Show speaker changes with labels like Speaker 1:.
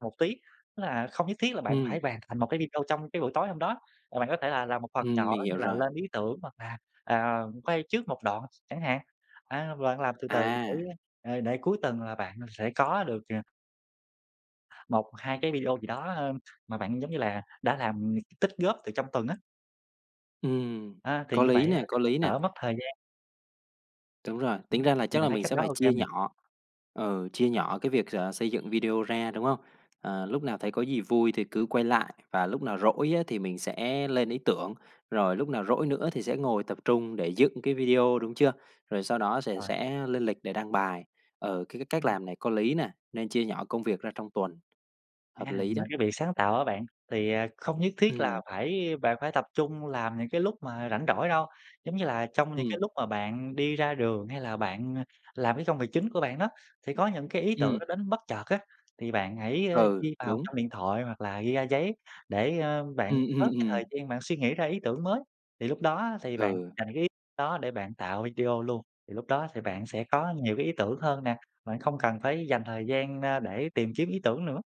Speaker 1: Một tí, đó là không nhất thiết là bạn
Speaker 2: Ừm.
Speaker 1: phải hoàn thành một cái video trong cái buổi tối hôm đó, mà bạn có thể là làm một phần
Speaker 2: Ừm,
Speaker 1: nhỏ
Speaker 2: mình
Speaker 1: như
Speaker 2: hiểu
Speaker 1: là
Speaker 2: rồi.
Speaker 1: lên ý tưởng, hoặc là, à, quay trước một đoạn ch chẳng hạn. A, bạn làm từ từ để,
Speaker 2: À.
Speaker 1: ờ, để cuối tuần là bạn sẽ có được, ờ 1-2 cái video gì đó, a, mà bạn, giống như là, đã làm t tích góp từ trong tuần á.
Speaker 2: Ừm,
Speaker 1: A, thì
Speaker 2: có
Speaker 1: như
Speaker 2: lý
Speaker 1: vậy á
Speaker 2: nè, có
Speaker 1: cũng
Speaker 2: lý nè.
Speaker 1: đỡ mất thời gian.
Speaker 2: Đúng rồi, tính
Speaker 1: Ừm,
Speaker 2: ra là
Speaker 1: thì
Speaker 2: chắc
Speaker 1: bạn
Speaker 2: là
Speaker 1: thấy
Speaker 2: mình
Speaker 1: cách
Speaker 2: sẽ
Speaker 1: đó
Speaker 2: phải
Speaker 1: ô kê
Speaker 2: chia
Speaker 1: hông nè?
Speaker 2: nhỏ ừ, chia nhỏ cái việc, ờ, xây dựng video ra, đúng không? Ờ, lúc nào thấy có gì vui thì cứ quay lại, và lúc nào rỗi á thì mình sẽ lên ý tưởng, rồi lúc nào rỗi nữa thì sẽ ngồi tập trung để dựng cái video, đúng chưa? Rồi sau đó sề
Speaker 1: Ờ.
Speaker 2: sẽ lên lịch để đăng bài. Ừ, cái c cách
Speaker 1: Ừm.
Speaker 2: làm này có lý nè, nên chia nhỏ công việc ra trong tuần.
Speaker 1: À,
Speaker 2: Hợp lý
Speaker 1: mà
Speaker 2: đó.
Speaker 1: cái việc sáng tạo á bạn, thì, à, không nhất thiết là
Speaker 2: Ừm.
Speaker 1: phải bạn phải tập trung làm những cái lúc mà rảnh rỗi đâu. Giống như là trong những cái
Speaker 2: Ừm.
Speaker 1: lúc mà bạn đi ra đường hay là bạn làm cái công việc chính của bạn đó, sẽ có những cái ý tưởng nó
Speaker 2: Ừm.
Speaker 1: đến bất chợt á, thì bạn hãy, a,
Speaker 2: Ừ,
Speaker 1: ghi vào
Speaker 2: đúng.
Speaker 1: trong điện thoại hoặc là ghi ra giấy để, a, bạn
Speaker 2: Ừm, ừm,
Speaker 1: bớt cái
Speaker 2: ừm.
Speaker 1: thời gian, bạn suy nghĩ ra ý tưởng mới. Thì lúc đó á, thì bạn
Speaker 2: Ừ.
Speaker 1: dành cái ý đó để bạn tạo video luôn. Thì lúc đó sẽ bạn sẽ có nhiều cái ý tưởng hơn nè, bạn không cần phải dành thời gian ra để tìm kiếm ý tưởng nữa.